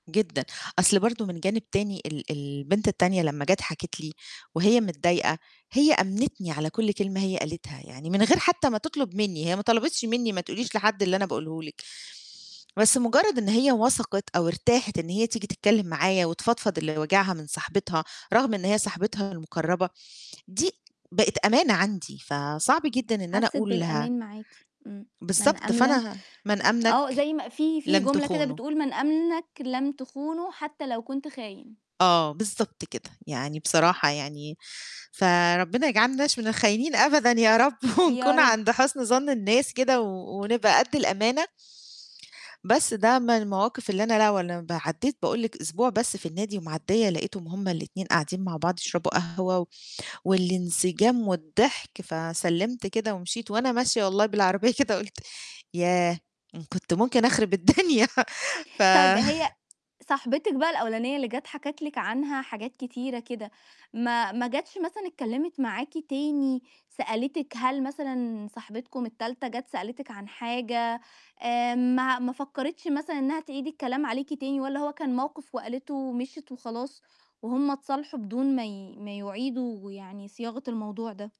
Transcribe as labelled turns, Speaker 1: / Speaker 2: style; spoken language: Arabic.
Speaker 1: جدًا، أصل برضه من جانب تاني ال البنت التانية لمّا جَت حكِت لي، وهي متضايقة، هي آمنتني على كُلّ كلمة هي قالتها يعني من غير حتى ما تطلب مني، هي ما طلبِتش مني: "ما تقوليش لحد اللي أنا باقوله لِك." بس مجرد إن هي وثقِت أو ارتاحت إن هي تيجي تتكلم معايا، وتفضفض اللي واجِعها من صاحبتها، رغم إن هي صاحبتها المقربة، دي بقت أمانة عَندي فصعب جدًا إن أنا
Speaker 2: حسِت
Speaker 1: أقولها
Speaker 2: بالأمان معاكِ، آمم. من
Speaker 1: بالضبط
Speaker 2: أملَك
Speaker 1: فأنا ه من
Speaker 2: آه،
Speaker 1: أمنَك
Speaker 2: زي ما في في
Speaker 1: لم
Speaker 2: جملة كده
Speaker 1: تخونه.
Speaker 2: بتقول: "من أمنَك لم تخونه حتى لو كنت خاين."
Speaker 1: آه بالضبط كده، يعني بصراحة يعني. فربنا يجعلناش من الخاينين أبدًا يا رب
Speaker 2: يا
Speaker 1: ونكون
Speaker 2: رب.
Speaker 1: عند حسن ظَن الناس كده و ونبقى قدّ الأمانة. بس ده من المواقف اللي أنا لا ولا ب عدّيت باقول لِك أسبوع بس في النادي ومعديّة لقيتهم هُم الاتنين قاعدين مع بعض يشربوا قهوة والانسجام والضحك، فسلمت كده ومشيت، وأنا ماشية والله بالعربية كده قُلت ياه! كنت ممكن أخرب الدنيا
Speaker 2: طيب هي
Speaker 1: ف
Speaker 2: صاحبتِك بقى الأولانية اللي جت حكِت لِك عنها حاجات كتيرة كده، ما ما جتش مثلًا اتكلمت معاكِ تاني سألتِك هل مثلًا صاحبتكم التالتة جت سألتِك عن حاجة آآ، ما ما فكَرِتش مثلًا إنها تعيد الكلام عليكِ تاني والّا هو كان موقف وقالته ومشيت وخلاص، وهُم اتصالحوا بدون ما ي ما يعيدوا يعني صياغة الموضوع ده؟